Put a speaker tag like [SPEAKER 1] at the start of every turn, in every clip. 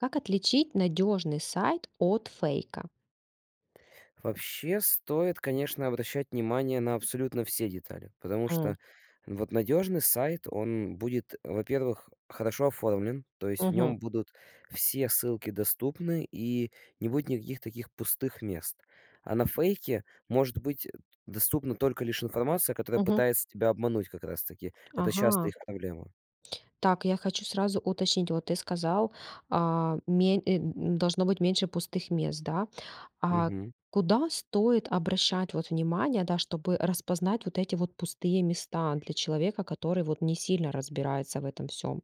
[SPEAKER 1] Как отличить надежный сайт от фейка?
[SPEAKER 2] Вообще стоит, конечно, обращать внимание на абсолютно все детали. Потому
[SPEAKER 1] М.
[SPEAKER 2] что вот надежный сайт- он будет, во-первых, хорошо оформлен, то есть в
[SPEAKER 1] Мгм.
[SPEAKER 2] нём будут все ссылки доступны и не будет никаких таких пустых мест. А на фейке может быть доступна только лишь информация, которая
[SPEAKER 1] Мгм.
[SPEAKER 2] пытается тебя обмануть, как раз таки. Это часто
[SPEAKER 1] Ага.
[SPEAKER 2] их проблема.
[SPEAKER 1] Так, я хочу сразу уточнить, вот ты сказал, а, мень э, должно быть меньше пустых мест, да? А
[SPEAKER 2] Мгм.
[SPEAKER 1] куда стоит обращать, вот, внимание, да, чтобы распознать вот эти вот пустые места для человека, который вот не сильно разбирается в этом всём?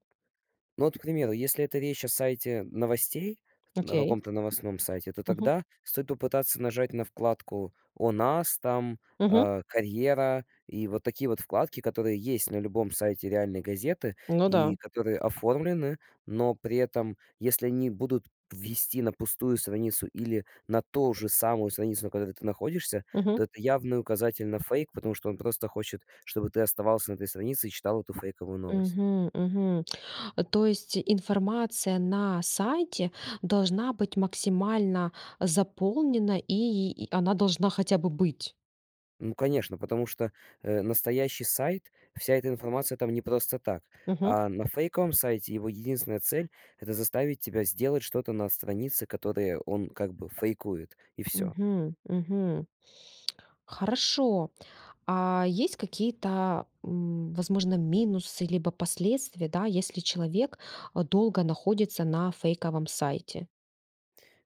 [SPEAKER 2] Ну, вот, к примеру, если это речь о сайте новостей, на
[SPEAKER 1] Окей.
[SPEAKER 2] каком-то новостном сайте, то
[SPEAKER 1] Мгм.
[SPEAKER 2] тогда стоит попытаться нажать на вкладку "О нас", там,
[SPEAKER 1] Мгм.
[SPEAKER 2] а, "Карьера". И вот такие вот вкладки, которые есть на любом сайте реальной газеты
[SPEAKER 1] Ну да.
[SPEAKER 2] и которые оформлены, но при этом, если они будут вести на пустую страницу или на то же самую страницу, на которой ты находишься,
[SPEAKER 1] Мгм.
[SPEAKER 2] то это явный указатель на фейк, потому что он просто хочет, чтобы ты оставался на этой странице и читал эту фейковую новость.
[SPEAKER 1] Мгм, мгм. То есть информация на сайте должна быть максимально заполнена, и и она должна хотя бы быть?
[SPEAKER 2] Ну конечно, потому что, э, настоящий сайт, вся эта информация там не просто так.
[SPEAKER 1] Мгм.
[SPEAKER 2] А на фейковом сайте, его единственная цель- это заставить тебя сделать что-то на странице, которые он как бы фейкует, и всё.
[SPEAKER 1] Мгм. Мгм. Хорошо. А есть какие-то, м, возможно, минусы, либо последствия, да, если человек долго находится на фейковом сайте?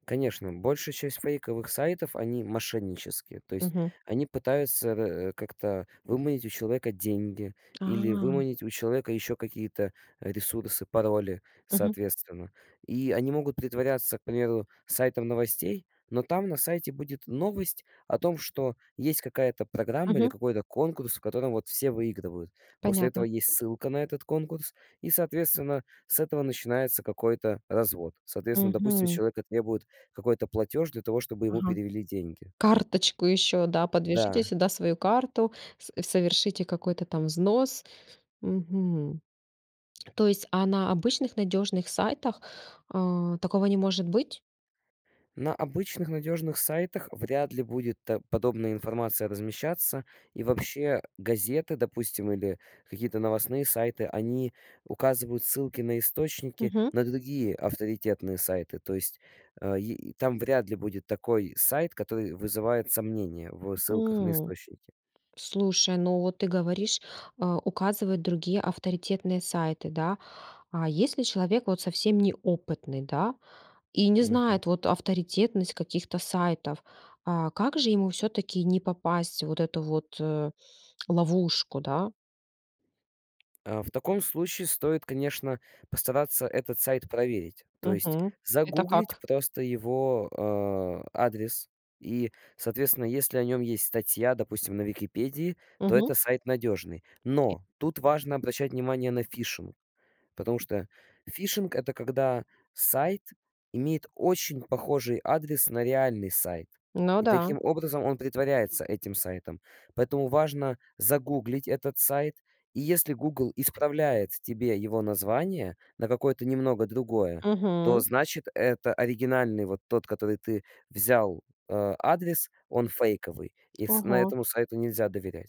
[SPEAKER 2] Конечно, большая часть фейковых сайтов- они мошеннические. То есть
[SPEAKER 1] Мгм.
[SPEAKER 2] они пытаются, э, как-то выманить у человека деньги или
[SPEAKER 1] А.
[SPEAKER 2] выманить у человека еще какие-то ресурсы, пароли,
[SPEAKER 1] Мгм.
[SPEAKER 2] соответственно. И они могут притворяться, к примеру, сайтом новостей, но там на сайте будет новость о том, что есть какая-то программа или
[SPEAKER 1] Мгм.
[SPEAKER 2] какой-то конкурс, в котором вот все выигрывают. После этого
[SPEAKER 1] Понятно.
[SPEAKER 2] есть ссылка на этот конкурс и, соответственно, с этого начинается какой-то развод. Соответственно, допустим, с
[SPEAKER 1] Мгм.
[SPEAKER 2] человека требуют какой-то платеж для того, чтобы ему
[SPEAKER 1] Ага.
[SPEAKER 2] перевели деньги.
[SPEAKER 1] Карточку еще, да, подвяжите
[SPEAKER 2] Да.
[SPEAKER 1] сюда свою карту, с совершите какой-то там взнос. Мгм. То есть, а на обычных надежных сайтах, а, такого не может быть?
[SPEAKER 2] На обычных надежных сайтах вряд ли будет т подобная информация размещаться. И вообще, газеты, допустим, или какие-то новостные сайты, они указывают ссылки на источники,
[SPEAKER 1] Мгм.
[SPEAKER 2] на другие авторитетные сайты, то есть, э, и там вряд ли будет такой сайт, который вызывает сомнения в ссылках на
[SPEAKER 1] М.
[SPEAKER 2] источники.
[SPEAKER 1] Слушай, ну вот ты говоришь, э, указывает другие авторитетные сайты, да? А если человек вот совсем неопытный, да? И не
[SPEAKER 2] Мгм.
[SPEAKER 1] знает вот авторитетность каких-то сайтов, а, как же ему всё-таки не попасть в эту вот ловушку, да?
[SPEAKER 2] Э, в таком случае стоит, конечно, постараться этот сайт проверить, то есть
[SPEAKER 1] Мгм. Это
[SPEAKER 2] загуглить
[SPEAKER 1] как?
[SPEAKER 2] просто его, э, адрес и, соответственно, если о нем есть статья, допустим, на "Википедии", то
[SPEAKER 1] Мгм.
[SPEAKER 2] это сайт надежный.
[SPEAKER 1] Окей.
[SPEAKER 2] Но тут важно обращать внимание на фишинг потому что фишинг- это когда сайт имеет очень похожий адрес на реальный сайт,
[SPEAKER 1] Ну
[SPEAKER 2] и
[SPEAKER 1] да.
[SPEAKER 2] таким образом он притворяется этим сайтом. Поэтому важно загуглить этот сайт, и если "Гугл" исправляет тебе его название на какое-то немного другое, то
[SPEAKER 1] Мгм.
[SPEAKER 2] значит, это оригинальный, вот тот, который ты взял, э, адрес, он фейковый, и с на
[SPEAKER 1] Ага.
[SPEAKER 2] этому сайту нельзя доверять.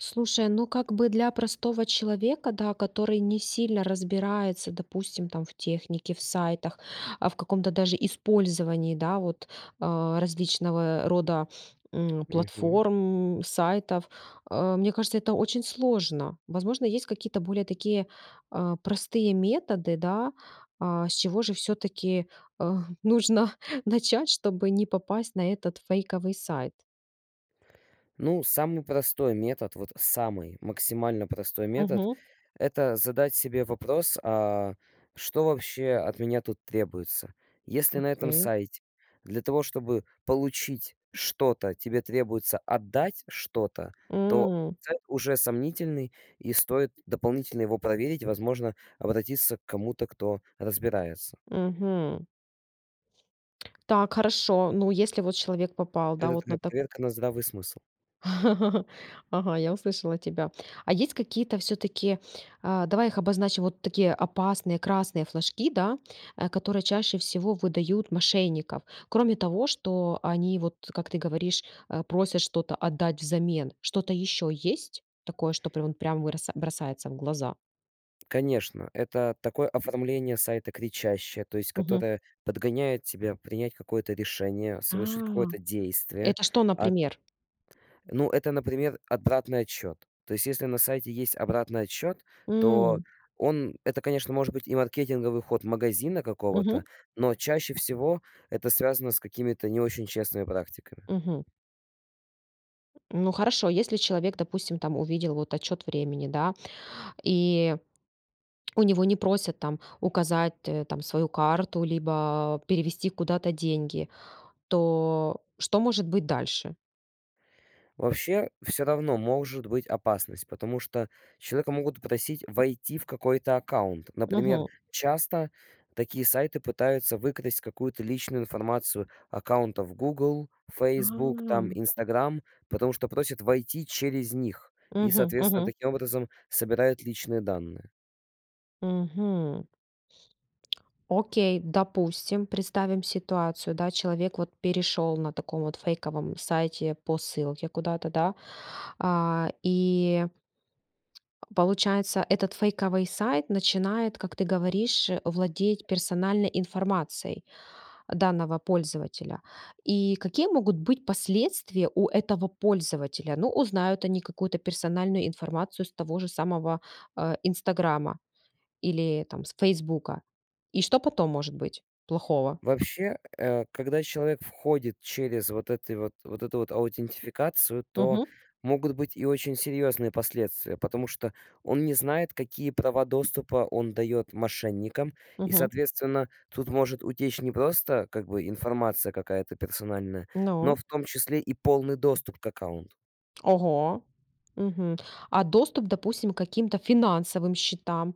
[SPEAKER 1] Слушай, ну как бы для простого человека, да, который не сильно разбирается, допустим, там в технике, в сайтах, а, в каком-то даже использовании, да вот, а, различного рода, м,
[SPEAKER 2] Мгм.
[SPEAKER 1] платформ, м, сайтов. Э, мне кажется, это очень сложно. Возможно, есть какие-то более такие, а, простые методы, да, а, с чего же всё-таки, эх, нужно начать, чтобы не попасть на этот фейковый сайт?
[SPEAKER 2] Ну, самый простой метод- вот самый максимально простой метод-
[SPEAKER 1] Мгм.
[SPEAKER 2] это задать себе вопрос, а: что вообще от меня тут требуется? Если на этом
[SPEAKER 1] Окей.
[SPEAKER 2] сайте для того, чтобы получить что-то, тебе требуется отдать что-то, то
[SPEAKER 1] М.
[SPEAKER 2] сайт уже сомнительный, и стоит дополнительно его проверить- возможно, обратиться к кому-то, кто разбирается.
[SPEAKER 1] Мгм. Так, хорошо. Ну, если вот человек попал, да,
[SPEAKER 2] Это
[SPEAKER 1] вот на
[SPEAKER 2] такая
[SPEAKER 1] та
[SPEAKER 2] проверка на здравый смысл.
[SPEAKER 1] Ага, я услышала тебя. А есть какие-то всё-таки, а- давай их обозначим, вот такие опасные красные флажки, да, э, которые чаще всего выдают мошенников. Кроме того, что они вот, как ты говоришь, э, просят что-то отдать взамен. Что-то еще есть такое, что прям прям броса бросается в глаза?
[SPEAKER 2] Конечно, это такое оформление сайта кричащее, то есть
[SPEAKER 1] Мгм.
[SPEAKER 2] которое подгоняет тебя принять какое-то решение, совершить
[SPEAKER 1] А.
[SPEAKER 2] какое-то действие.
[SPEAKER 1] Это что,
[SPEAKER 2] Ат
[SPEAKER 1] например?
[SPEAKER 2] Ну это, например, обратный отсчет. То есть если на сайте есть обратный отсчет, то
[SPEAKER 1] М.
[SPEAKER 2] он это, конечно, может быть и маркетинговый ход магазина
[SPEAKER 1] Мгм.
[SPEAKER 2] какого-то, но чаще всего это связано с какими-то не очень честными практиками.
[SPEAKER 1] Мгм. Ну хорошо. Если человек, допустим, там увидел вот отсчет времени, да, и у него не просят там указать, э, там свою карту либо перевести куда-то деньги, то что может быть дальше?
[SPEAKER 2] Вообще, всё равно может быть опасность, потому что человека могут просить войти в какой-то аккаунт. Например,
[SPEAKER 1] Мгм.
[SPEAKER 2] часто такие сайты пытаются выкрасть какую-то личную информацию аккаунтов "Гугл", "Фейсбук" там,
[SPEAKER 1] А!
[SPEAKER 2] "Инстаграм", потому что просят войти через них и,
[SPEAKER 1] Мгм,
[SPEAKER 2] соответственно,
[SPEAKER 1] мгм.
[SPEAKER 2] таким образом собирают личные данные.
[SPEAKER 1] Мгм. Окей, допустим, представим ситуацию, да, человек вот перешёл на таком вот фейковом сайте по ссылке куда-то, да, а, и получается, этот фейковый сайт начинает, как ты говоришь, владеть персональной информацией данного пользователя. И какие могут быть последствия у этого пользователя? Ну, узнают они какую-то персональную информацию с того же самого, э, "Инстаграма" или, там, с "Фесбука". И что потом может быть плохого?
[SPEAKER 2] Вообще, э, когда человек входит через вот эти вот вот эту вот аутентификацию, то
[SPEAKER 1] Мгм.
[SPEAKER 2] могут быть и очень серьезные последствия, потому что он не знает, какие права доступа он дает мошенникам, и,
[SPEAKER 1] Мгм.
[SPEAKER 2] соответственно, тут может утечь не просто, как бы, информация какая-то персональная, но
[SPEAKER 1] Ну?
[SPEAKER 2] в том числе и полный доступ к аккаунту.
[SPEAKER 1] Ого. Мгм. А доступ, допустим, к каким-то финансовым счетам,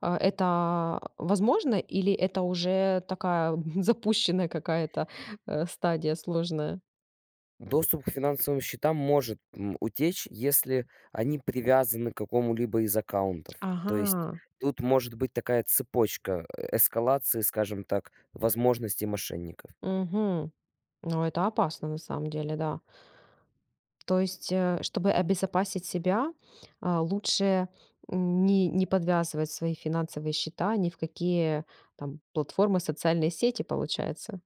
[SPEAKER 1] а, это возможно или это уже такая запущенная какая-то, э, стадия сложная?
[SPEAKER 2] Доступ к финансовым счетам может, м, утечь, если они привязаны к какому-либо из аккаунтов, то есть
[SPEAKER 1] Ага.
[SPEAKER 2] тут может быть такая цепочка, э, эскалации, скажем так, возможностей мошенников.
[SPEAKER 1] Мгм. Ну это опасно на самом деле, да. То есть, э, чтобы обезопасить себя, а, лучше не не подвязывать свои финансовые счета ни в какие там платформы, социальные сети, получается?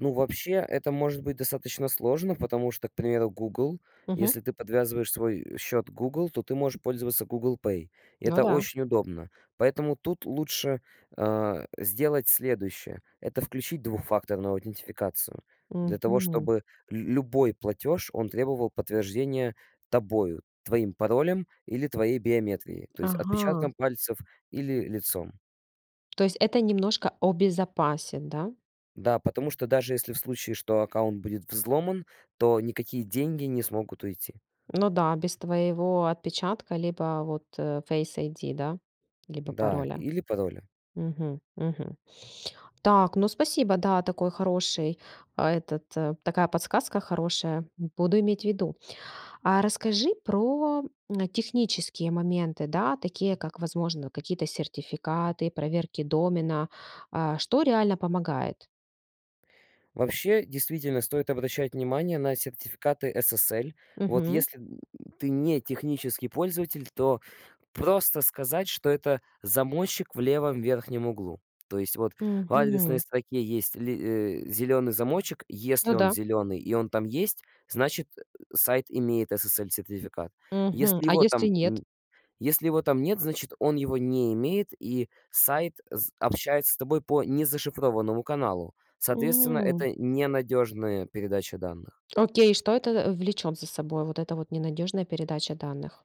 [SPEAKER 2] Ну вообще, это может быть достаточно сложно, потому что, к примеру, Google,
[SPEAKER 1] Мгм.
[SPEAKER 2] если ты подвязываешь свой, э, счет к Google, то ты можешь пользоваться Google Pay.
[SPEAKER 1] Ну
[SPEAKER 2] Это
[SPEAKER 1] да.
[SPEAKER 2] очень удобно. Поэтому тут лучше, а, сделать следующее: это включить двухфакторную аутентификацию для того,
[SPEAKER 1] Мгм.
[SPEAKER 2] чтобы лю любой платёж- он требовал подтверждения тобою, твоим паролем или твоей биометрией, то есть отпечатком
[SPEAKER 1] Ага.
[SPEAKER 2] пальцев или лицом.
[SPEAKER 1] То есть это немножко обезопасит, да?
[SPEAKER 2] Да, потому что даже если в случае, что аккаунт будет взломан, то никакие деньги не смогут уйти.
[SPEAKER 1] Ну да, без твоего отпечатка, либо вот, э, Face ID, да? Либо
[SPEAKER 2] Да,
[SPEAKER 1] пароля?
[SPEAKER 2] или пароли.
[SPEAKER 1] Мгм. Мгм. Так, ну спасибо. Да, такой хороший, а, этот, э такая подсказка хорошая, буду иметь ввиду. А расскажи про, м, технические моменты, да? Такие как, возможно, какие-то сертификаты, проверки домена. А, что реально помогает?
[SPEAKER 2] Вообще, действительно стоит обращать внимание на сертификаты SSL. Вот
[SPEAKER 1] Мгм.
[SPEAKER 2] если, м, ты не технический пользователь, то просто сказать, что- это замочек в левом верхнем углу. То есть вот в адресной
[SPEAKER 1] Мгм.
[SPEAKER 2] строке есть ли э, зеленый замочек,
[SPEAKER 1] Ну
[SPEAKER 2] если он
[SPEAKER 1] да.
[SPEAKER 2] зеленый и он там есть, значит, э, сайт имеет SSL-сертификат.
[SPEAKER 1] Мгм.
[SPEAKER 2] Если
[SPEAKER 1] А
[SPEAKER 2] его
[SPEAKER 1] если
[SPEAKER 2] там
[SPEAKER 1] нет?
[SPEAKER 2] н если его там нет, значит он его не имеет и сайт з общается с тобой по незашифрованному каналу. Соответственно,
[SPEAKER 1] М.
[SPEAKER 2] это ненадежная передача данных.
[SPEAKER 1] Окей, что это, э, влечет за собой, вот эта вот ненадежная передача данных?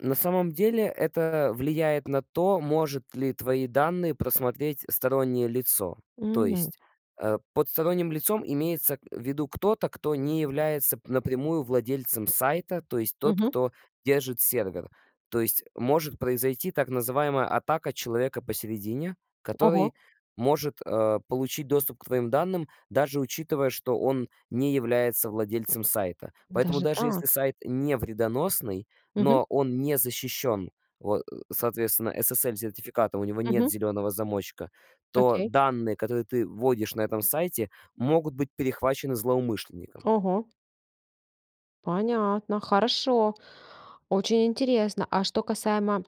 [SPEAKER 2] На самом деле это влияет на то, может ли твои данные просмотреть стороннее лицо. То
[SPEAKER 1] М.
[SPEAKER 2] есть, э, под сторонним лицом имеется, э, в виду кто-то, кто не является п напрямую владельцем сайта, то есть тот,
[SPEAKER 1] Мгм.
[SPEAKER 2] кто держит сервер. То есть может произойти, так называемая, атака человека посередине,
[SPEAKER 1] Ого.
[SPEAKER 2] который может, э, получить доступ к твоим данным, даже учитывая, что он не является владельцем сайта. Поэтому
[SPEAKER 1] Даже
[SPEAKER 2] даже если
[SPEAKER 1] так?
[SPEAKER 2] сайт не вредоносный,
[SPEAKER 1] Мгм.
[SPEAKER 2] но он не защищен, вот, э, соответственно, SSL-сертификата, у него нет
[SPEAKER 1] Мгм.
[SPEAKER 2] зеленого замочка, то
[SPEAKER 1] Окей.
[SPEAKER 2] данные, которые ты вводишь на этом сайте, могут быть перехвачены злоумышленником.
[SPEAKER 1] Ого! Понятно. Хорошо, очень интересно. А что касаемо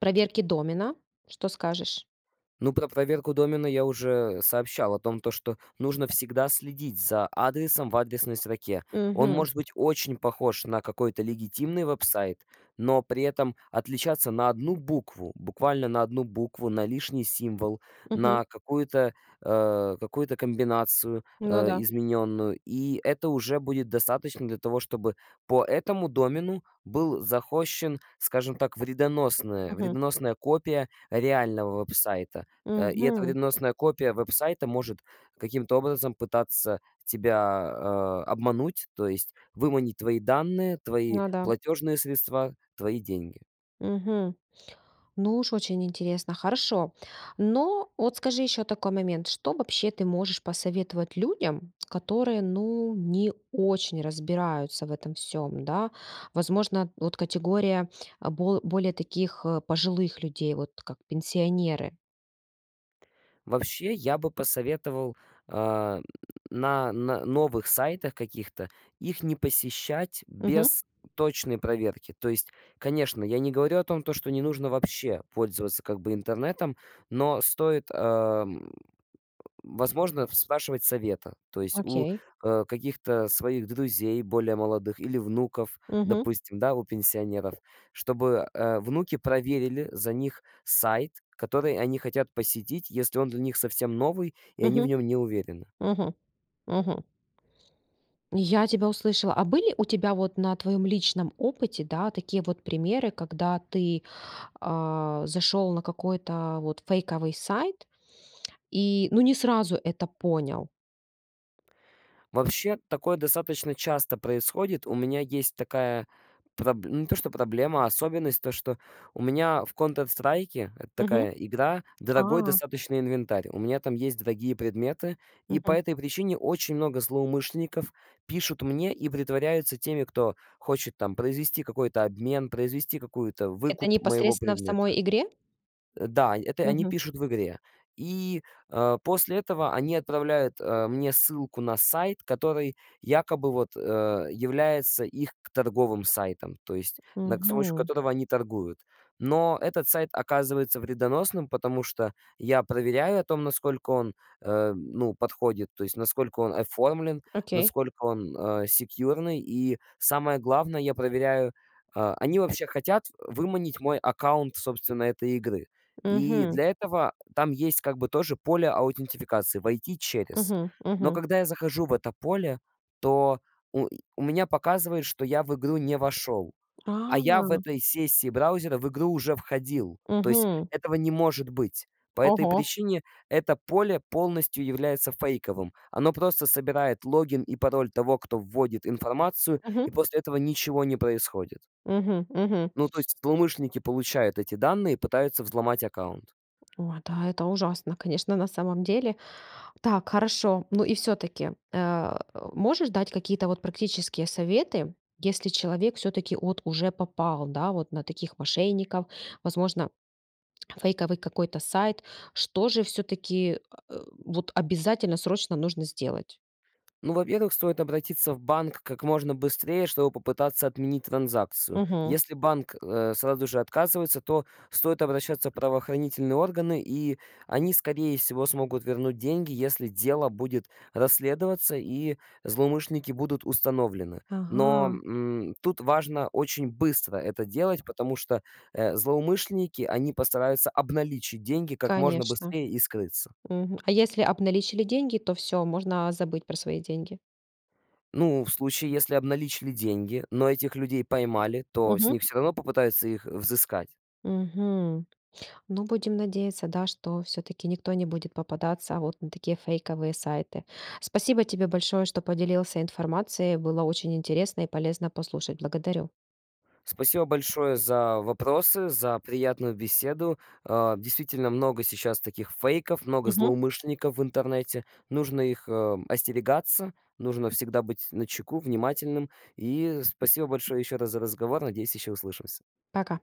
[SPEAKER 1] проверки домена? Что скажешь?
[SPEAKER 2] Ну, про проверку домена я уже сообщал о том, то, что нужно всегда следить за адресом в адресной строке. Он
[SPEAKER 1] Мгм.
[SPEAKER 2] может быть очень похож на какой-то легитимный веб-сайт, но при этом отличаться на 1 букву, буквально на 1 букву, на лишний символ,
[SPEAKER 1] Мгм.
[SPEAKER 2] на какую-то, э, какую-то комбинацию,
[SPEAKER 1] Ну
[SPEAKER 2] э,
[SPEAKER 1] да.
[SPEAKER 2] измененную. И это уже будет достаточно для того, чтобы по этому домену был захостщен, скажем так, вредоносная
[SPEAKER 1] Мгм.
[SPEAKER 2] вредоносная копия реального веб-сайта. Э, и эта
[SPEAKER 1] Мгм.
[SPEAKER 2] вредоносная копия веб-сайта может каким-то образом пытаться тебя, э, обмануть, то есть выманить твои данные, твои
[SPEAKER 1] Ну да.
[SPEAKER 2] платежные средства, твои деньги.
[SPEAKER 1] Мгм. Ну уж очень интересно! Хорошо. Но вот скажи еще такой момент: что вообще ты можешь посоветовать людям, которые ну не очень разбираются в этом всём, да? Возможно, вот категория бол более таких, э, пожилых людей, вот как пенсионеры?
[SPEAKER 2] Вообще, я бы посоветовал, а, на на новых сайтах каких-то, их не посещать
[SPEAKER 1] Мгм.
[SPEAKER 2] без точной проверки. То есть, конечно, я не говорю о том, то, что не нужно вообще пользоваться, как бы, интернетом, но стоит, ам, возможно, спрашивать совета. То есть у,
[SPEAKER 1] Окей.
[SPEAKER 2] э, каких-то своих друзей более молодых или внуков,
[SPEAKER 1] Мгм.
[SPEAKER 2] допустим, да, у пенсионеров, чтобы, э, внуки проверили за них сайт, который они хотят посетить, если он для них совсем новый и они в
[SPEAKER 1] Мгм.
[SPEAKER 2] нем не уверены.
[SPEAKER 1] Мгм. Мгм. Я тебя услышала. А были у тебя вот на твоем личном опыте, да, такие вот примеры, когда ты, а, зашел на какой-то вот фейковый сайт, и ну не сразу это понял?
[SPEAKER 2] Вообще, такое достаточно часто происходит. У меня есть такая проб ну не то что проблема, особенность, то что у меня в "Контр Страйке", это
[SPEAKER 1] Мгм.
[SPEAKER 2] такая игра, дорогой
[SPEAKER 1] А.
[SPEAKER 2] достаточно инвентарь, у меня там есть дорогие предметы. И по
[SPEAKER 1] Мгм.
[SPEAKER 2] этой причине очень много злоумышленников пишут мне и притворяются теми, кто хочет там произвести какой-то обмен, произвести какую-то
[SPEAKER 1] Это
[SPEAKER 2] выкуп моего
[SPEAKER 1] непосредственно в
[SPEAKER 2] предмета.
[SPEAKER 1] самой игре?
[SPEAKER 2] Э, да, это они
[SPEAKER 1] Мгм.
[SPEAKER 2] пишут в игре. И, а, после этого они отправляют, а, мне ссылку на сайт, который якобы вот, а, является их торговым сайтом, то есть на к с помощью
[SPEAKER 1] Мгм.
[SPEAKER 2] которого они торгуют. Но этот сайт оказывается вредоносным. Потому что я проверяю о том, насколько он, а, ну, подходит, то есть насколько он оформлен,
[SPEAKER 1] Окей.
[SPEAKER 2] насколько он, а, секьюрный, и самое главное, я проверяю а, они вообще хотят выманить мой аккаунт, собственно, этой игры. И
[SPEAKER 1] Мгм.
[SPEAKER 2] для этого там есть как бы тоже поле аутентификации- "войти через".
[SPEAKER 1] Мгм.
[SPEAKER 2] Но,
[SPEAKER 1] Мгм.
[SPEAKER 2] когда я захожу в это поле, то у у меня показывает, что я в игру не вошел, а я в
[SPEAKER 1] А. [unintelligible]
[SPEAKER 2] этой сессии браузера в игру уже входил, то есть
[SPEAKER 1] Мгм.
[SPEAKER 2] этого не может быть. По этой
[SPEAKER 1] Ого!
[SPEAKER 2] причине это поле полностью является фейковым, оно просто собирает логин и пароль того, кто вводит информацию, и
[SPEAKER 1] Мгм.
[SPEAKER 2] после этого ничего не происходит.
[SPEAKER 1] Мгм мгм.
[SPEAKER 2] Ну, то есть злоумышленники получают эти данные и пытаются взломать аккаунт.
[SPEAKER 1] О да! Это ужасно, конечно, на самом деле. Так, хорошо. Ну и всё-таки. А, можешь дать какие-то вот практические советы, если человек всё-таки вот уже попал, да, вот на таких мошенников, возможно, фейковый какой-то сайт. Что же всё-таки, а, э, вот обязательно срочно нужно сделать?
[SPEAKER 2] Ну, во-первых, стоит обратиться в банк как можно быстрее, чтобы попытаться отменить транзакцию.
[SPEAKER 1] Мгм.
[SPEAKER 2] Если банк, э, сразу же отказывается, то стоит обращаться в правоохранительные органы, и они, скорее всего, смогут вернуть деньги, если дело будет расследоваться и злоумышленники будут установлены. Но,
[SPEAKER 1] Ага.
[SPEAKER 2] м, тут важно очень быстро это делать, потому что, э, злоумышленники, они постараются обналичить деньги как можно
[SPEAKER 1] Конечно.
[SPEAKER 2] быстрее и скрыться.
[SPEAKER 1] Мгм. А если обналичили деньги, то всё, можно забыть про свои деньги.
[SPEAKER 2] Ну, в случае, если обналичили деньги, но этих людей поймали, то с
[SPEAKER 1] Мгм.
[SPEAKER 2] них всё равно попытаются их взыскать.
[SPEAKER 1] Мгм. Ну, будем надеяться, да, что всё-таки никто не будет попадаться вот на такие фейковые сайты. Спасибо тебе большое, что поделился информацией, было очень интересно и полезно послушать. Благодарю!
[SPEAKER 2] Спасибо большое за вопросы, за приятную беседу, э. Действительно, много сейчас таких фейков, много
[SPEAKER 1] Мгм.
[SPEAKER 2] злоумышленников в интернете. Нужно их, э, м, остерегаться, нужно всегда быть начеку, внимательным. И спасибо большое ещё раз за разговор. Надеюсь, ещё услышимся.
[SPEAKER 1] Пока.